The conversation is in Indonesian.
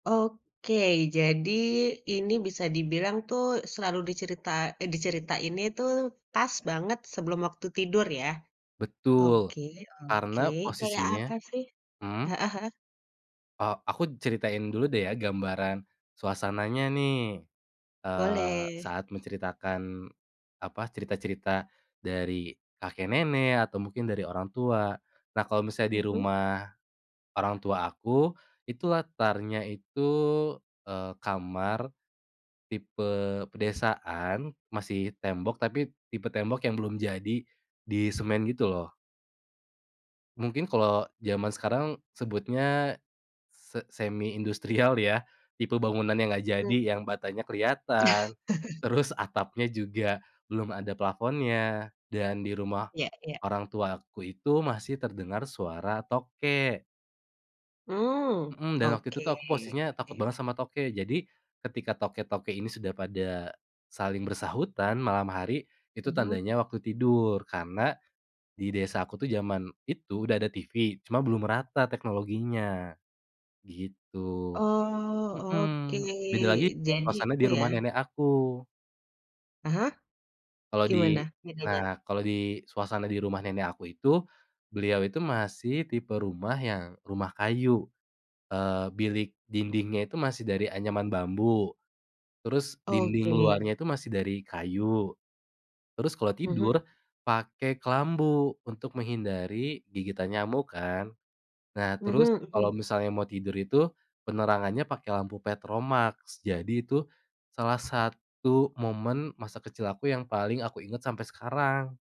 Oke. Jadi, ini bisa dibilang tuh, selalu dicerita eh, diceritainnya itu, pas banget sebelum waktu tidur, ya? Betul. Oke oke, Karena, kayak posisinya apa sih? mhm? Heeh heeh. E aku ceritain dulu deh ya, gambaran suasananya, nih. Eee, Boleh. saat menceritakan, apa, cerita-cerita dari kakek nenek, atau mungkin dari orang tua. Nah, kalau misalnya di Mhm. rumah orang tua aku, itu latarnya itu, eee, kamar tipe pedesaan, masih tembok tapi tipe tembok yang belum jadi, disemen gitu, lo. Mungkin kalau jaman sekarang sebutnya se semi industrial ya, tipe bangunan yang nggak jadi, Hmm. yang batanya kelihatan, terus atapnya juga belum ada plafonnya, dan di rumah Ya ya. orang tua aku itu, masih terdengar suara tokek. Mmm, Mhm, dan waktu itu oke tuh, aku posisinya takut oke. banget sama tokek. Jadi, ketika tokek-tokek ini sudah pada saling bersahutan, malam hari, itu Mhm. tandanya waktu tidur. Karena, di desa aku tuh, jaman itu, udah ada TV, cuma belum merata teknologinya, gitu. Oh, Mhm, oke. beda lagi kalau Jadi, suasana itu di ya. rumah nenek aku. Ah hah? Kalau Gimana di bedanya? nah, kalau di suasana di rumah nenek aku itu, beliau itu masih tipe rumah yang rumah kayu. Eee, bilik dindingnya itu masih dari anyaman bambu. Terus dinding Oke. luarnya itu masih dari kayu, terus kalau Mhm. tidur, pakai kelambu, untuk menghindari gigitan nyamuk, kan. Nah, terus, Mhm mhm. kalau misalnya mau tidur itu, penerangannya pakai lampu petromaks. Jadi, itu salah satu momen masa kecil aku yang paling aku inget sampai sekarang.